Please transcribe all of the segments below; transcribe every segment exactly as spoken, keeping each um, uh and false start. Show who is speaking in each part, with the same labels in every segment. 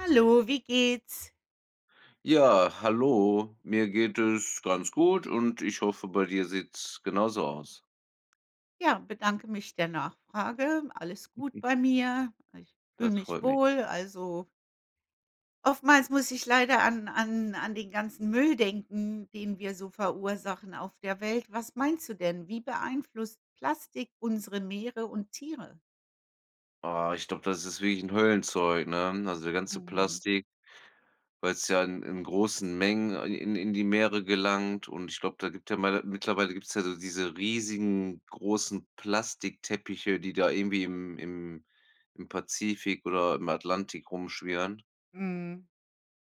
Speaker 1: Hallo, wie geht's?
Speaker 2: Ja, hallo. Mir geht es ganz gut und ich hoffe, bei dir sieht es genauso aus.
Speaker 1: Ja, bedanke mich der Nachfrage. Alles gut bei mir, ich fühle
Speaker 2: Das
Speaker 1: mich
Speaker 2: freut mich.
Speaker 1: wohl. Also oftmals muss ich leider an an an den ganzen Müll denken, den wir so verursachen auf der Welt. Was meinst du denn? Wie beeinflusst Plastik unsere Meere und Tiere?
Speaker 2: Ah, ich glaube, das ist wirklich 'n Höllenzeug, ne, also, der ganze
Speaker 1: Mhm.
Speaker 2: Plastik, weil's ja in in großen Mengen, äh, in in die Meere gelangt und ich glaube, da gibt ja ma ja, mittlerweile gibt's ja so diese riesigen großen Plastikteppiche, die da irgendwie im im -im Pazifik oder im Atlantik rumschwirren.
Speaker 1: Mhm.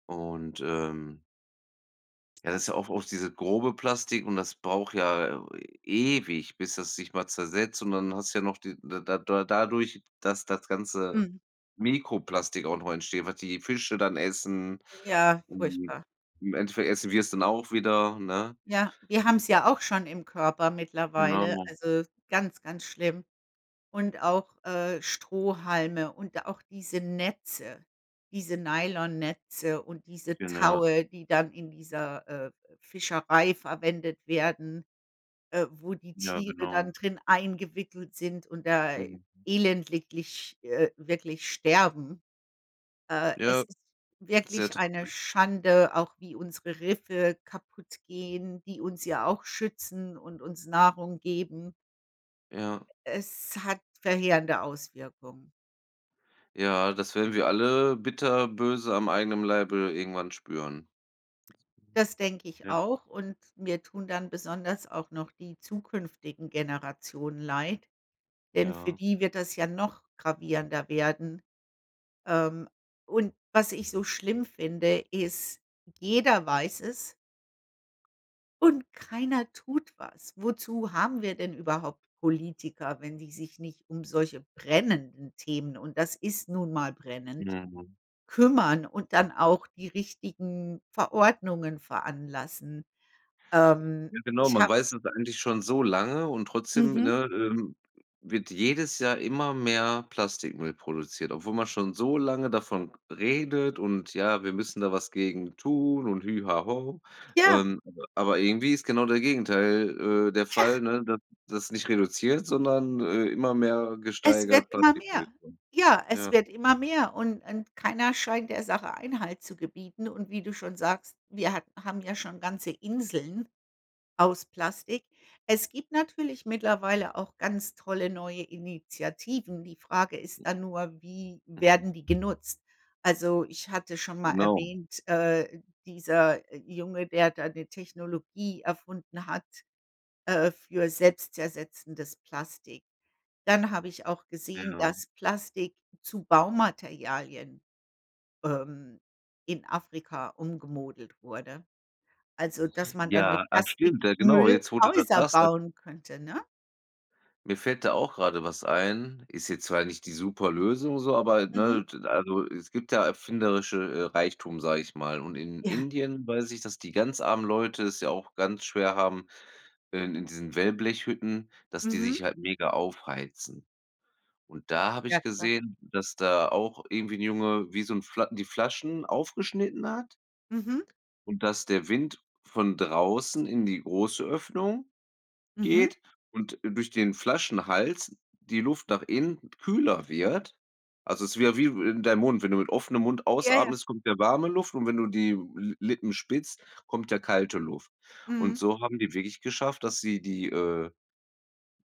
Speaker 2: Und, ähm ja, das ist ja auch oft dieses grobe Plastik und das braucht ja e ewig, bis das sich mal zersetzt, und dann hast du ja noch die da da da dadurch, dass das ganze
Speaker 1: Mhm.
Speaker 2: Mikroplastik auch noch entsteht, was die Fische dann essen.
Speaker 1: Ja,
Speaker 2: Ähm,
Speaker 1: furchtbar.
Speaker 2: im Endeffekt essen wir es dann auch wieder, ne?
Speaker 1: Ja, wir haben es ja auch schon im Körper mittlerweile,
Speaker 2: Genau.
Speaker 1: also, ganz, ganz schlimm. Und auch, äh, Strohhalme und auch diese Netze, diese Nylonnetze und diese
Speaker 2: Genau.
Speaker 1: Taue, die dann in dieser, äh, äh, Fischerei verwendet werden, äh, wo die
Speaker 2: Ja,
Speaker 1: Tiere dann
Speaker 2: genau.
Speaker 1: drin eingewickelt sind und da
Speaker 2: Mhm.
Speaker 1: elendiglich, äh, wirklich sterben. Äh, es
Speaker 2: Ja,
Speaker 1: ist
Speaker 2: sehr
Speaker 1: wirklich
Speaker 2: traurig.
Speaker 1: eine Schande, auch wie unsere Riffe kaputtgehen, die uns ja auch schützen und uns Nahrung geben.
Speaker 2: Ja.
Speaker 1: Es hat verheerende Auswirkungen.
Speaker 2: Ja, das werden wir alle bitterböse am eigenem Leibe irgendwann spüren.
Speaker 1: Das denke ich
Speaker 2: Ja.
Speaker 1: auch und mir tun dann besonders auch noch die zukünftigen Generationen leid, denn für
Speaker 2: Ja.
Speaker 1: die wird das ja noch gravierender werden. Ähm, und was ich so schlimm finde, ist, jeder weiß es und keiner tut was. Wozu haben wir denn überhaupt Politiker, wenn die sich nicht um solche brennenden Themen, und das ist nun mal brennend,
Speaker 2: Mhm.
Speaker 1: kümmern und dann auch die richtigen Verordnungen veranlassen. Ähm,
Speaker 2: Ja, genau.
Speaker 1: ich
Speaker 2: Man
Speaker 1: habe
Speaker 2: weiß es eigentlich schon so lange und trotzdem,
Speaker 1: Mhm.
Speaker 2: ne, ähm, wird jedes Jahr immer mehr Plastikmüll produziert, obwohl man schon so lange davon redet: „Und ja, wir müssen da was gegen tun und hü ha ho.”
Speaker 1: Ja.
Speaker 2: Ähm, aber aber irgendwie ist genau der Gegenteil, äh, der
Speaker 1: Ja.
Speaker 2: Fall, ne, dass dass nicht reduziert, sondern, äh, immer mehr
Speaker 1: Es wird
Speaker 2: gesteigert
Speaker 1: immer mehr,
Speaker 2: Plastikproduktion.
Speaker 1: ja, es
Speaker 2: Ja.
Speaker 1: wird immer mehr und und keiner scheint der Sache Einhalt zu gebieten und wie du schon sagst: „Wir ha haben ja schon ganze Inseln aus Plastik.” Es gibt natürlich mittlerweile auch ganz tolle neue Initiativen. Die Frage ist dann nur, wie
Speaker 2: Mhm.
Speaker 1: werden die genutzt. Also, ich hatte schon mal
Speaker 2: Genau.
Speaker 1: erwähnt, äh, dieser Junge, der da ‘ne Technologie erfunden hat, äh, für selbstzersetzendes Plastik. Dann habe ich auch gesehen,
Speaker 2: Genau.
Speaker 1: dass Plastik zu Baumaterialien, ähm, in Afrika umgemodelt wurde, also, dass man dann mit
Speaker 2: Ja, ah, stimmt, ja, genau,
Speaker 1: Plastikmüll
Speaker 2: jetzt, wo du das
Speaker 1: Häuser
Speaker 2: sagst, dass
Speaker 1: bauen könnte, ne?
Speaker 2: Mir fällt da auch grade was ein, ist jetzt zwar nicht die Superlösung so, aber,
Speaker 1: Mhm.
Speaker 2: ne also, es gibt ja erfinderische, äh, Reichtum, sage ich mal, und in
Speaker 1: Ja.
Speaker 2: Indien weiß ich, dass die ganz armen Leute es ja auch ganz schwer haben, äh, in diesen Wellblechhütten, dass die
Speaker 1: Mhm.
Speaker 2: sich halt mega aufheizen, und da habe
Speaker 1: Ja,
Speaker 2: ich
Speaker 1: klar.
Speaker 2: gesehen, dass da auch irgendwie 'n Junge wie so 'n Fla die Flaschen aufgeschnitten hat
Speaker 1: Mhm.
Speaker 2: und dass der Wind von draußen in die große Öffnung
Speaker 1: Mhm.
Speaker 2: geht und, äh, durch den Flaschenhals die Luft nach innen kühler wird, also, es wäre wie in deinem Mund wenn du mit offenem Mund
Speaker 1: Ja, ja.
Speaker 2: ausatmest, kommt ja warme Luft, und wenn du die Li Lippen spitzt, kommt ja kalte Luft. Und
Speaker 1: Mhm.
Speaker 2: so haben die wirklich geschafft, dass sie die, äh,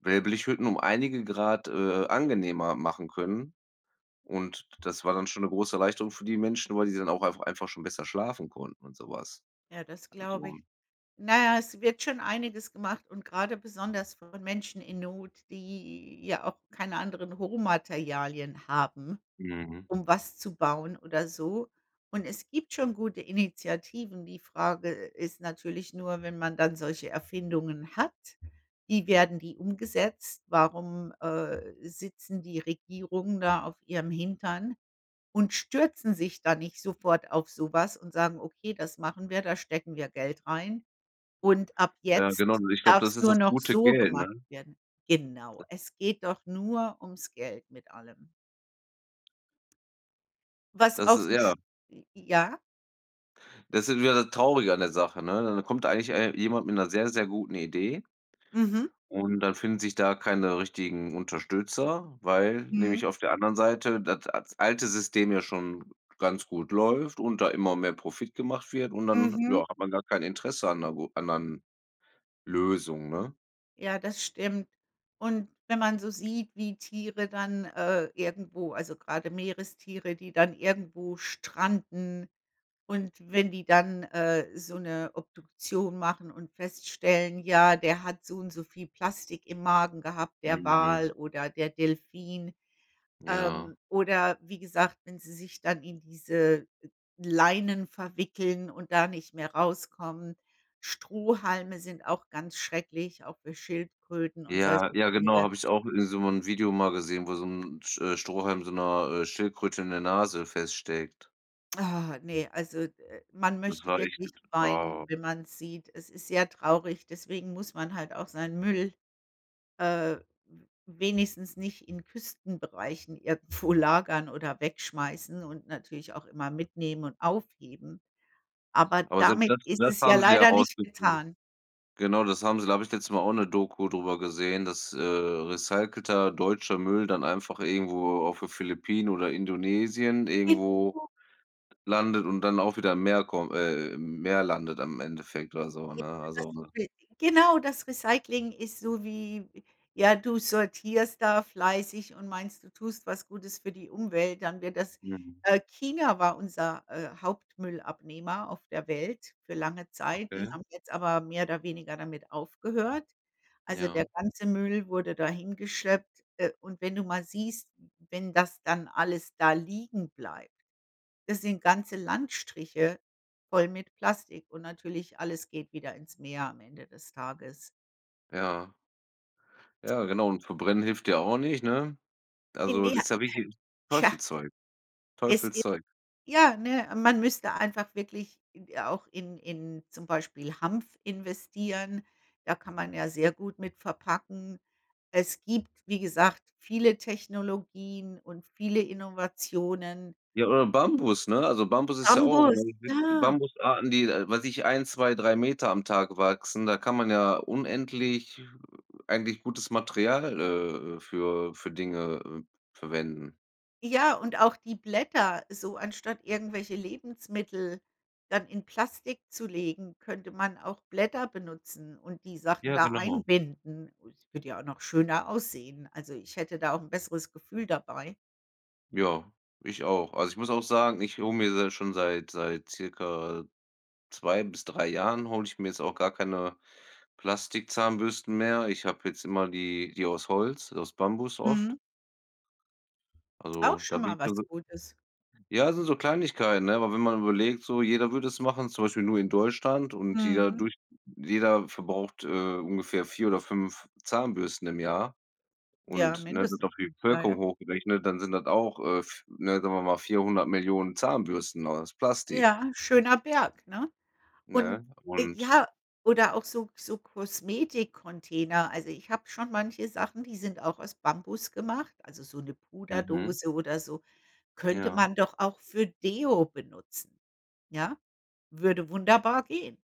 Speaker 2: Wellblechhütten um einige Grad, äh, angenehmer machen können, und d das war dann schon 'ne große Erleichterung für die Menschen, weil die dann auch einfach einfach schon besser schlafen konnten und sowas,
Speaker 1: Ja, das glaube
Speaker 2: also
Speaker 1: ich. Na ja, es wird schon einiges gemacht, und grade besonders von Menschen in Not, die ja auch keine anderen Rohmaterialien haben,
Speaker 2: Mhm.
Speaker 1: um was zu bauen oder so, und es gibt schon gute Initiativen. Die Frage ist natürlich nur, wenn man dann solche Erfindungen hat, wie werden die umgesetzt? Warum, äh, sitzen die Regierungen da auf ihrem Hintern und stürzen sich da nicht sofort auf sowas und sagen: „Okay, das machen wir, da stecken wir Geld rein, und ab
Speaker 2: Ja,
Speaker 1: jetzt
Speaker 2: genau und ich glaube,
Speaker 1: darf's
Speaker 2: das ist
Speaker 1: nur
Speaker 2: das
Speaker 1: noch
Speaker 2: gute
Speaker 1: so
Speaker 2: Geld, ne?
Speaker 1: gemacht
Speaker 2: De
Speaker 1: werden.“ Genau, es geht doch nur ums Geld mit allem. Was
Speaker 2: Das
Speaker 1: auch
Speaker 2: ist
Speaker 1: so
Speaker 2: ja.
Speaker 1: sch j ja?
Speaker 2: Das ist wieder das Traurige an der Sache, ne? D dann kommt eigentlich ei jemand mit 'ner sehr, sehr guten Idee
Speaker 1: Mhm.
Speaker 2: und dann finden sich da keine richtigen Unterstützer, weil nämlich
Speaker 1: Mhm.
Speaker 2: auf der anderen Seite das at alte System ja schon ganz gut läuft und da immer mehr Profit gemacht wird, und dann, ja,
Speaker 1: Mhm.
Speaker 2: hat man gar kein Interesse an 'ner gu anderen Lösung, ne?
Speaker 1: Ja, das stimmt, und wenn man so sieht, wie Tiere dann, äh, irgendwo also, grade Meerestiere, die dann irgendwo stranden, und wenn die dann, äh, so 'ne Obduktion machen und feststellen: „Ja, der hat so und so viel Plastik im Magen gehabt, der
Speaker 2: Mhm.
Speaker 1: Wal oder der Delphin.“
Speaker 2: Ja.
Speaker 1: Ähm, oder wie gesagt, wenn sie sich dann in diese, äh, Leinen verwickeln und da nicht mehr rauskommen. Strohhalme sind auch ganz schrecklich, auch für Schildkröten und solche
Speaker 2: Ja, ja, genau,
Speaker 1: Tiere.
Speaker 2: habe ich auch in so 'n Video mal gesehen, wo so 'n t äh, Strohhalm so 'ner, äh, Schildkröte in der Nase feststeckt.
Speaker 1: Ah, ne, also, äh, man
Speaker 2: Das
Speaker 1: möchte
Speaker 2: war echt
Speaker 1: wirklich
Speaker 2: jetzt
Speaker 1: weinen,
Speaker 2: oh.
Speaker 1: wenn man's sieht. Es ist sehr traurig, deswegen muss man halt auch seinen Müll, äh, w wenigstens nicht in Küstenbereichen irgendwo lagern oder wegschmeißen und natürlich auch immer mitnehmen und aufheben. Aber
Speaker 2: Aber selbst
Speaker 1: damit
Speaker 2: das
Speaker 1: ist
Speaker 2: das
Speaker 1: es ja
Speaker 2: haben sie ja
Speaker 1: leider nicht
Speaker 2: rausgekriegt.
Speaker 1: getan.
Speaker 2: Genau das haben sie da habe ich letztens mal auch ‘ne Doku drüber gesehen, dass, äh, recycelter deutscher Müll dann einfach irgendwo auf den Philippinen oder Indonesien
Speaker 1: Ist
Speaker 2: irgendwo
Speaker 1: so.
Speaker 2: landet und dann auch wieder im Meer kommt äh, im Meer landet im Endeffekt oder so,
Speaker 1: Ja
Speaker 2: ne,
Speaker 1: das
Speaker 2: also,
Speaker 1: ist
Speaker 2: ne?
Speaker 1: wichtig. Genau, das Recycling ist so wie, ja, du sortierst da fleißig und meinst, du tust was Gutes für die Umwelt, dann wird das,
Speaker 2: Mhm.
Speaker 1: äh China war unser, äh, Hauptmüll-Abnehmer auf der Welt für lange Zeit. Die
Speaker 2: Okay.
Speaker 1: haben jetzt aber mehr oder weniger damit aufgehört. Also, der
Speaker 2: Ja.
Speaker 1: ganze Müll wurde da hingeschleppt, äh, und wenn du mal siehst wenn das dann alles da liegen bleibt. Das sind ganze Landstriche voll mit Plastik und natürlich, alles geht wieder ins Meer, am Ende des Tages.
Speaker 2: Ja. Ja, genau, und Verbrennen hilft ja auch nicht, ne,
Speaker 1: In
Speaker 2: also, ist ja wirklich
Speaker 1: [unintelligible] tja.
Speaker 2: Teufelszeug,
Speaker 1: Es i
Speaker 2: Teufelszeug.
Speaker 1: ja, ne, man müsste einfach wirklich id auch in in zum Beispiel Hanf investieren, da kann man ja sehr gut mit verpacken. Es gibt, wie gesagt, viele Technologien und viele Innovationen
Speaker 2: Ja, oder Bambus, ne, also, Bambus ist ja auch,
Speaker 1: Bambus,
Speaker 2: ne es gibt
Speaker 1: ja.
Speaker 2: Bambusarten, die, äh, weiß ich, ein, zwei, drei Meter am Tag wachsen. Da kann man ja unendlich, äh, eigentlich gutes Material, äh, äh, für für Dinge, äh, verwenden.
Speaker 1: Ja, und auch die Blätter so anstatt irgendwelche Lebensmittel dann in Plastik zu legen, könnte man auch Blätter benutzen und die Sachen
Speaker 2: Ja,
Speaker 1: da
Speaker 2: genau.
Speaker 1: einbinden. Und würde ja auch noch schöner aussehen, also, ich hätte da auch 'n besseres Gefühl dabei.
Speaker 2: Ja, ich auch. Also, ich muss auch sagen, ich hole mir da schon seit seit circa zwei bis drei Jahren hole ich mir jetzt auch gar keine Plastikzahnbürsten mehr. Ich habe jetzt immer die die aus Holz, aus Bambus oft.
Speaker 1: Mhm. Auch
Speaker 2: Also, da
Speaker 1: schon
Speaker 2: bin ich
Speaker 1: mal was
Speaker 2: dann so
Speaker 1: Gutes.
Speaker 2: ja, also, so Kleinigkeiten, ne, aber wenn man überlegt, so jeder würde es machen, zum Beispiel nur in Deutschland, und jeder
Speaker 1: Mhm.
Speaker 2: durch jeder verbraucht, äh, ungefähr vier oder fünf Zahnbürsten im Jahr,
Speaker 1: Ja,
Speaker 2: und, ne, wird
Speaker 1: mindestens.
Speaker 2: auf die
Speaker 1: Ja,
Speaker 2: Bevölkerung
Speaker 1: ja.
Speaker 2: hochgerechnet, dann sind das auch, äh, v ne, sagen wir mal vierhundert Millionen Zahnbürsten aus Plastik.
Speaker 1: Ja, schöner Berg, ne?
Speaker 2: Ne,
Speaker 1: Und
Speaker 2: und
Speaker 1: ja, oder auch so so Kosmetik-Container, also, ich habe schon manche Sachen, die sind auch aus Bambus gemacht, also, so 'ne
Speaker 2: Mhm.
Speaker 1: Puderdose oder so, könnte
Speaker 2: Ja.
Speaker 1: man doch auch für Deo benutzen, ja? Würde wunderbar gehen,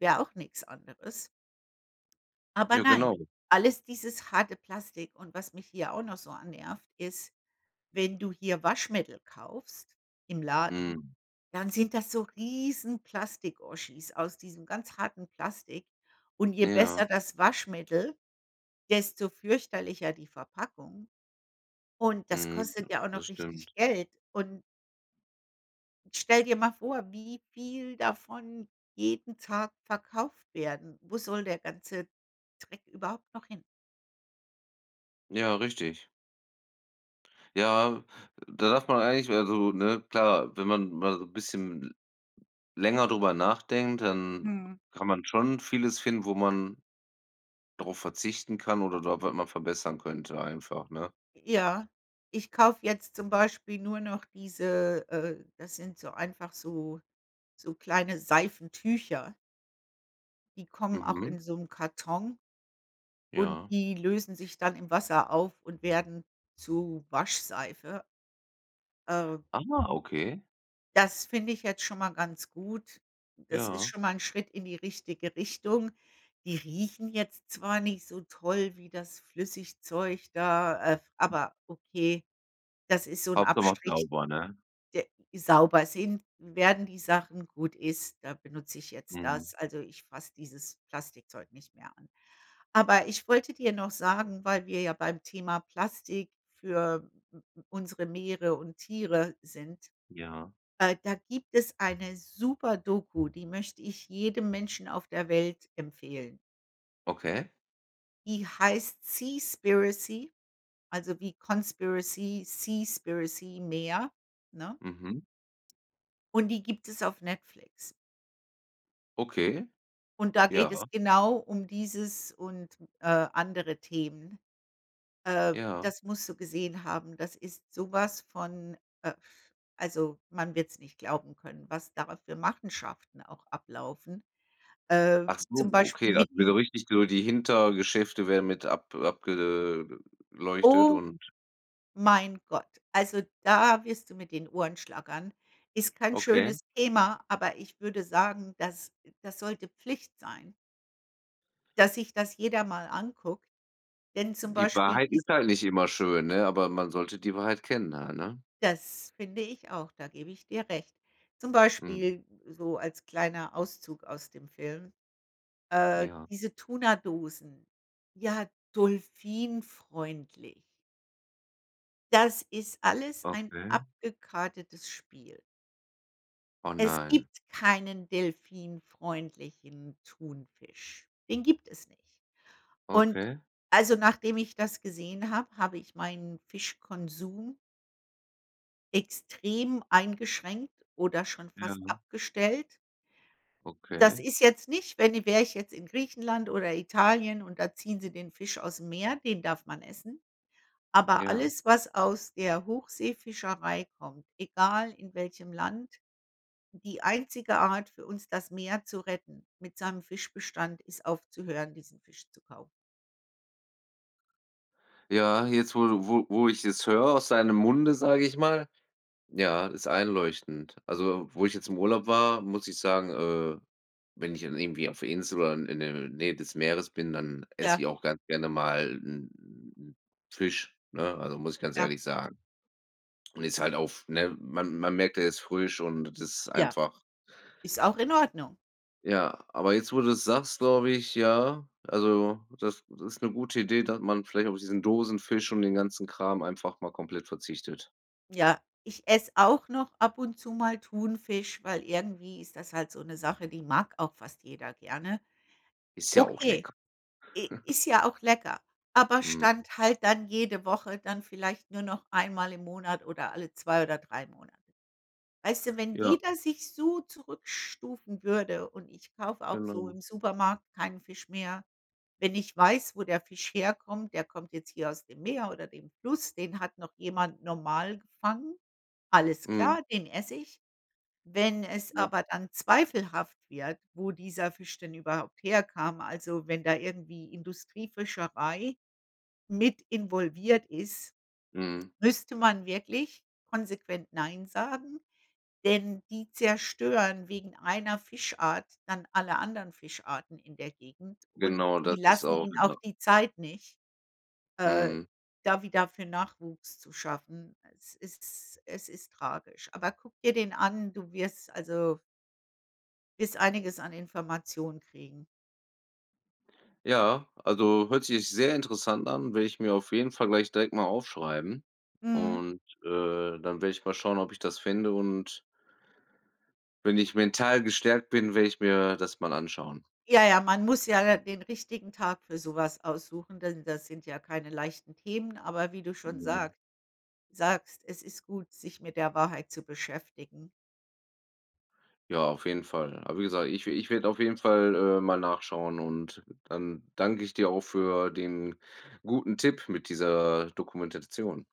Speaker 1: wäre auch nix anderes. Aber
Speaker 2: Ja,
Speaker 1: nein,
Speaker 2: genau.
Speaker 1: alles dieses harte Plastik und was mich hier auch noch so annervt, ist, wenn du hier Waschmittel kaufst im Laden,
Speaker 2: Mhm.
Speaker 1: dann sind das so riesen Plastik-Oschis aus diesem ganz harten Plastik und je
Speaker 2: Ja.
Speaker 1: besser das Waschmittel, desto fürchterlicher die Verpackung, und das
Speaker 2: Mhm, ja.
Speaker 1: kostet ja auch
Speaker 2: Das
Speaker 1: noch
Speaker 2: stimmt.
Speaker 1: richtig Geld und Stell dir mal vor, wie viel davon jeden Tag verkauft werden. Wo soll 'n der ganze Dreck überhaupt noch hin?
Speaker 2: Ja, richtig. Ja, äh, da darf man eigentlich also, ne, klar, wenn man mal so 'n bisschen l länger darüber nachdenkt, dann w
Speaker 1: Mhm.
Speaker 2: kann man schon vieles finden, wo man drauf verzichten kann oder da was man verbessern könnte, einfach, ne?
Speaker 1: Ja, ich kaufe jetzt zum Beispiel nur noch diese äh, das sind so einfach so so kleine Seifentücher die kommen auch
Speaker 2: Mhm.
Speaker 1: in so 'nem Karton und
Speaker 2: Ja.
Speaker 1: die lösen sich dann im Wasser auf und werden zu Waschseife. Äh.
Speaker 2: Ah, okay.
Speaker 1: Das finde ich jetzt schon mal ganz gut, das ist
Speaker 2: Ja.
Speaker 1: schon mal 'n Schritt in die richtige Richtung. Die riechen jetzt zwar nicht so toll wie das Flüssigzeug da, äh, aber okay, das ist so 'n
Speaker 2: Hauptsache macht
Speaker 1: Abstrich
Speaker 2: sauber, ne?
Speaker 1: de sauber sind werden die Sachen, gut ist, da benutze ich jetzt
Speaker 2: Mhm.
Speaker 1: das. Also, ich fasse dieses Plastikzeug nicht mehr an, aber ich wollte dir noch sagen, weil wir ja beim Thema Plastik für m m unsere Meere und Tiere sind,
Speaker 2: Ja.
Speaker 1: äh, da gibt es eine super Doku, die möchte ich jedem Menschen auf der Welt empfehlen.
Speaker 2: Okay.
Speaker 1: Die heißt „Seaspiracy“, also, wie Conspiracy, Seaspiracy. Meer, ne?
Speaker 2: Mhm.
Speaker 1: Und die gibt es auf Netflix.
Speaker 2: Okay.
Speaker 1: Und da geht es
Speaker 2: Ja.
Speaker 1: genau um dieses und, äh, andere Themen. Äh,
Speaker 2: Ja.
Speaker 1: das musst du gesehen haben. Das ist sowas von, äh also, man wird ‘s nicht glauben können, was da für Machenschaften auch ablaufen. Äh,
Speaker 2: Ach so,
Speaker 1: zum
Speaker 2: okay,
Speaker 1: Beispiel
Speaker 2: dann
Speaker 1: mit
Speaker 2: wird
Speaker 1: dem
Speaker 2: so richtig so die Hintergeschäfte werden mit ab abge äh, leuchtet
Speaker 1: O
Speaker 2: und
Speaker 1: mein Gott, also, da wirst du mit den Ohren schlackern. Ist kein
Speaker 2: Okay.
Speaker 1: schönes Thema, aber ich würde sagen, das das sollte Pflicht sein dass sich das jeder mal anguckt. Denn zum
Speaker 2: Die
Speaker 1: Beispiel
Speaker 2: Wahrheit
Speaker 1: die s
Speaker 2: ist halt nicht immer schön, ne, aber man sollte die Wahrheit kennen da, ne?
Speaker 1: Das finde ich auch, da gebe ich dir recht. Zum
Speaker 2: Mhm.
Speaker 1: Beispiel so als kleiner Auszug aus dem Film. Äh,
Speaker 2: Ja.
Speaker 1: diese Tuna-Dosen, ja, dolfin-freundlich. Das ist alles ein
Speaker 2: Okay.
Speaker 1: abgekartetes Spiel.
Speaker 2: Oh,
Speaker 1: Es
Speaker 2: nein.
Speaker 1: gibt keinen delphinfreundlichen Thunfisch, den gibt es nicht. Und
Speaker 2: Okay.
Speaker 1: also, nachdem ich das gesehen habe, habe ich meinen Fischkonsum extrem eingeschränkt oder schon fast
Speaker 2: Ja.
Speaker 1: abgestellt. Das
Speaker 2: Okay.
Speaker 1: ist jetzt nicht, wenn i wäre ich jetzt in Griechenland oder Italien und da ziehen sie den Fisch ausm Meer, den darf man essen. Aber
Speaker 2: Ja.
Speaker 1: alles, was aus der Hochseefischerei kommt, egal in welchem Land, die einzige Art für uns das Meer zu retten, mit seinem Fischbestand, ist aufzuhören, diesen Fisch zu kaufen.
Speaker 2: Ja, jetzt, wo du wo wo ich es höre aus deinem Munde, sage ich mal. Ja, ist einleuchtend. Also, wo ich jetzt im Urlaub war, muss ich sagen, äh, wenn ich dann irgendwie auf der Insel war, in in der Nähe des Meeres bin, dann esse
Speaker 1: Ja.
Speaker 2: ich auch ganz gerne mal 'n Fisch, ne? Also, muss ich ganz
Speaker 1: Ja.
Speaker 2: ehrlich sagen. Und ist halt auch f ne, man man merkt er ist frisch und das ist
Speaker 1: Ja.
Speaker 2: einfach
Speaker 1: Ist auch in Ordnung.
Speaker 2: Ja, aber jetzt, wo du's sagst, glaube ich, ja, also, das ist 'ne gute Idee, dass man vielleicht auf diesen Dosenfisch und den ganzen Kram einfach mal komplett verzichtet.
Speaker 1: Ja, ich esse auch noch ab und zu mal Thunfisch, weil irgendwie ist das halt so 'ne Sache, die mag auch fast jeder gerne.
Speaker 2: Ist ja auch
Speaker 1: Okay,
Speaker 2: lecker.
Speaker 1: i ist ja auch lecker. Aber
Speaker 2: Mhm.
Speaker 1: Stand halt dann jede Woche, dann vielleicht nur noch einmal im Monat, oder alle zwei oder drei Monate. Weißt du, wenn
Speaker 2: Ja.
Speaker 1: jeder sich so zurückstufen würde und ich kaufe auch so
Speaker 2: Genau.
Speaker 1: im Supermarkt keinen Fisch mehr. Wenn ich weiß, wo der Fisch herkommt, der kommt jetzt hier aus dem Meer oder dem Fluss, den hat noch jemand normal gefangen: Alles
Speaker 2: Mhm.
Speaker 1: klar, den esse ich. Wenn es
Speaker 2: Ja.
Speaker 1: aber dann zweifelhaft wird, wo dieser Fisch denn überhaupt herkam, also, wenn da irgendwie Industriefischerei mit involviert ist,
Speaker 2: Mhm.
Speaker 1: müsste man wirklich konsequent nein sagen, denn die zerstören wegen einer Fischart dann alle anderen Fischarten in der Gegend und
Speaker 2: Genau, das
Speaker 1: die
Speaker 2: ist
Speaker 1: lassen
Speaker 2: auch,
Speaker 1: ihn
Speaker 2: ja.
Speaker 1: auch die Zeit nicht, äh,
Speaker 2: Mhm.
Speaker 1: da wieder für Nachwuchs zu schaffen. Es ist es ist tragisch. Aber guck dir den an, du wirst, also wirst einiges an Informationen kriegen.
Speaker 2: Ja, also, hört sich sehr interessant an. Werde ich mir auf jeden Fall gleich direkt mal aufschreiben
Speaker 1: Mhm.
Speaker 2: und, äh, dann werde ich mal schauen, ob ich das finde und wenn ich mental gestärkt bin, werde ich mir das mal anschauen.
Speaker 1: Ja, ja, man muss ja da den richtigen Tag für sowas aussuchen, denn das sind ja keine leichten Themen, aber wie du schon
Speaker 2: Mhm.
Speaker 1: sagt sagst, es ist gut, sich mit der Wahrheit zu beschäftigen.
Speaker 2: Ja, auf jeden Fall. Aber wie gesagt, ich ich werde auf jeden Fall, äh, mal nachschauen. Und dann danke ich dir auch für den guten Tipp mit dieser Dokumentation.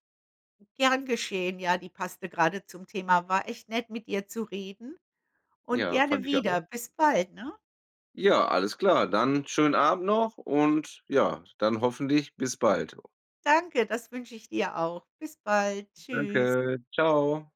Speaker 1: Gern geschehen, ja, die passte gerade zum Thema. War echt nett, mit dir zu reden. Und
Speaker 2: Ja,
Speaker 1: gerne
Speaker 2: fand ich auch.
Speaker 1: wieder. Bis bald, ne?
Speaker 2: Ja. Alles klar. Dann schönen Abend noch. Und ja, dann hoffentlich bis bald, jo.
Speaker 1: Danke, das wünsche ich dir auch. Bis bald. Tschüss.
Speaker 2: Danke. Tschau.